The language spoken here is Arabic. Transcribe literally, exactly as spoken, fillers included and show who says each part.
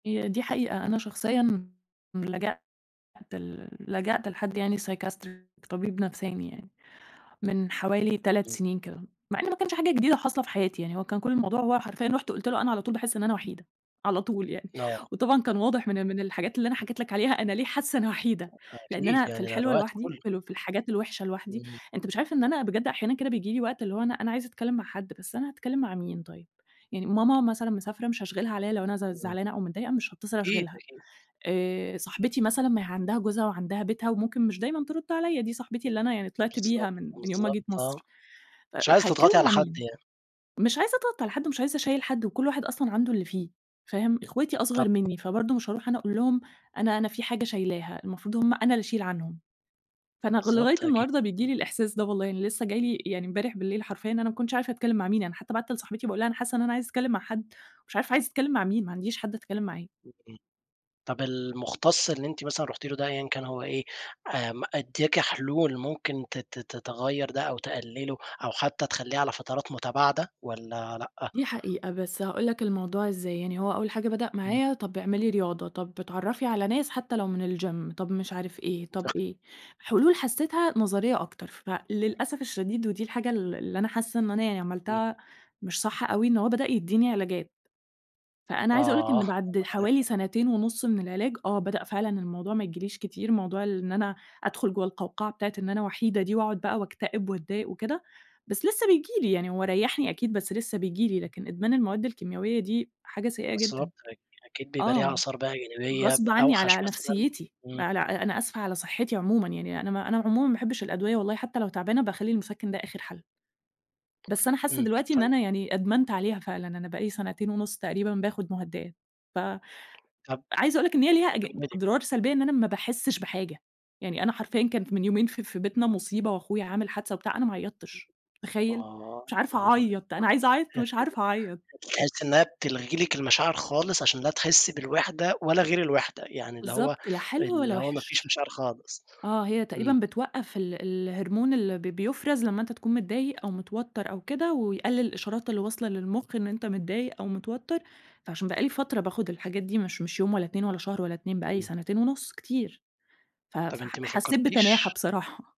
Speaker 1: دي دي حقيقة. أنا شخصيًا لجأت ل لجأت لحد يعني Psychiatrist طبيب نفساني يعني، من حوالي تلات
Speaker 2: إمم.
Speaker 1: سنين كده، مع إنه ما كانش حاجة جديدة حاصلة في حياتي يعني، هو كان كل الموضوع هو حرفيًا رُحت قلت له أنا على طول باحس إن أنا وحيدة، على طول يعني،
Speaker 2: آه.
Speaker 1: وطبعًا كان واضح من ال من الحاجات اللي أنا حكيت لك عليها أنا ليه حاسة أنا وحيدة،
Speaker 2: [unintelligible]
Speaker 1: لإن
Speaker 2: أكيد،
Speaker 1: أنا في
Speaker 2: يعني ده
Speaker 1: الحلوة
Speaker 2: الوقت
Speaker 1: لوحدي،
Speaker 2: كله.
Speaker 1: في ال في الحاجات الوحشة لوحدي،
Speaker 2: إمم.
Speaker 1: أنت مش عارف إن أنا بجد أحيانًا كده بييجي لي وقت، اللي هو أنا أنا عايزة أتكلم مع حد، بس أنا هاتكلم مع مين طيب؟! يعني ماما مثلًا مسافرة، مش هاشغِلها عليَّ لو أنا ز
Speaker 2: إمم.
Speaker 1: زعلانة أو متضايقة مش هاتصل
Speaker 2: أكيد،
Speaker 1: أشغِلها،
Speaker 2: أكيد.
Speaker 1: آآ، صاحبتي مثلًا ما هي عندها جوزها وعندها بيتها وممكن مش دايمًا ترد عليَّ، دي صاحبتي اللي أنا يعني طِلِعت
Speaker 2: بالضبط،
Speaker 1: بيها من من يوم ما
Speaker 2: بالضبط،
Speaker 1: جيت
Speaker 2: آه.
Speaker 1: مَصر، ف
Speaker 2: مش عايزة تضغطي
Speaker 1: هاتكلم
Speaker 2: على
Speaker 1: مع
Speaker 2: حد
Speaker 1: مين؟!
Speaker 2: يعني.
Speaker 1: مش عايزة أضغط على حد ومش عايزة أشيّل حد وكل واحد أصلًا عنده اللي فيه فاهم، أخواتي
Speaker 2: طَب
Speaker 1: أصغر مني فبرضو مش هارُوح أنا أقول لهم أنا أنا فيه حاجة شايلاها، المفروض هُم أنا اللي أشيل عنهم. فأنا غ لغاية
Speaker 2: بالضبط أكيد.
Speaker 1: النهارده بييجي لي الإحساس ده والله، يعني لسه جاي لي يعني إمبارح بالليل، حرفيًا إن أنا ما كنتش عارفة أتكلم مع مين، يعني حتى بَعّتّ لصاحبتي باقول لها أنا حاسة إن أنا عايزة أتكلم مع حد، ومش عارفة عايزة أتكلم مع مين، ما عنديش حد أتكلم معاه.
Speaker 2: إمم. طَب المُختص اللي أنتِ مثلًا رُحتِ له ده أيًّا كان هو إيه، آمم، ادّاكِ حلول ممكن ت ت تغيَّر ده أو تقلله أو حتى تخلّيه على فترات متباعدة والّا لأ؟
Speaker 1: دي حقيقة بس هاقول لك الموضوع إزاي؛ يعني هو أول حاجة بدأ
Speaker 2: إمم.
Speaker 1: معايا طَب اعملي رياضة، طَب اتعرَّفي على ناس حتى لو من الGym طَب مش عارف إيه، طَب
Speaker 2: [unintelligible]
Speaker 1: إيه، حلول حسيتها نظرية أكتر، فللأسف الشديد ودي الحاجة ال اللي أنا حاسة إن أنا يعني
Speaker 2: إمم.
Speaker 1: عملتها مش صح أوي، إن هو بدأ يديني علاجات. فأنا عايزة أقول لك
Speaker 2: آه.
Speaker 1: إن بعد حوالي
Speaker 2: [unintelligible]
Speaker 1: سنتين ونُص من العلاج، آه بدأ فعلًا الموضوع ما ييجيليش كتير، موضوع اللي إن أنا أدخل جوّا القوقعة بتاعة إن أنا وحيدة دي وأقعد بقى وأكتئب وأتضايق وكده. بس لسه بييجي لي، يعني هو ريَّحني أكيد، بس لسه بييجي لي، لكن إدمان المواد الكيمياوية دي حاجة سيئة جدًا،
Speaker 2: بالضبط. أكيد بيبقى ليها
Speaker 1: آه.
Speaker 2: آثار بقى جانبية
Speaker 1: غصب عني
Speaker 2: أوحش
Speaker 1: على
Speaker 2: مثلًا.
Speaker 1: نفْسيتي،
Speaker 2: إمم.
Speaker 1: على أنا أسفة على صحتي عمومًا يعني، أنا ما أنا عمومًا ما باحبش الأدوية والله، حتى لو تعبانة باخلّي المُسَكِّن ده آخر حَل. بس أنا حاسة
Speaker 2: إمم.
Speaker 1: دلوقتي
Speaker 2: ف
Speaker 1: إن أنا يعني أدمنت عليها فعلًا، أنا بقى لي سنتين ونُص تقريبًا باخد مهدئات، ف
Speaker 2: طَب
Speaker 1: عايزة أقول لك إن هي ليها أج
Speaker 2: كَمِّلي.
Speaker 1: أضرار سلبية، إن أنا ما باحسش بحاجة، يعني أنا حرفيًا كان ف من يومين ف في بيتنا مصيبة وأخويا عامل حادثة وبتاع، أنا ما عيَّطتش، تخيَّل!
Speaker 2: آه.
Speaker 1: مش
Speaker 2: يا
Speaker 1: عارفة
Speaker 2: نهار
Speaker 1: أعيّّط، أنا عايزة
Speaker 2: أبيض!
Speaker 1: أعيَّط ومش عارفة أعيَّط!
Speaker 2: [unintelligible] تحسي إنها بتلغي لِك المشاعر خالص عشان لا تحسي بالوحدة ولا غير الوحدة، يعني اللي هو
Speaker 1: بالضبط. لا حلو
Speaker 2: اللي
Speaker 1: ولا
Speaker 2: هو ما فيش
Speaker 1: وِحِش،
Speaker 2: مشاعر خالص.
Speaker 1: آه هي
Speaker 2: إمم.
Speaker 1: تقريبًا بتوقّف ال الHormone اللي ب بيُفرز لمّا أنت تكون متضايق أو متوتر أو كده ويقلل الإشارات اللي واصلة للمخ إن أنت متضايق أو متوتر، فعشان بقى لي فترة باخد الحاجات دي، مش مش يوم ولا إتنين ولا شهر ولا إتنين بقى لي
Speaker 2: إمم.
Speaker 1: سنتين ونُص كتير، ف ف
Speaker 2: طَب أنتِ ما
Speaker 1: حسيت بتناحة
Speaker 2: فكرتيش
Speaker 1: بصراحة.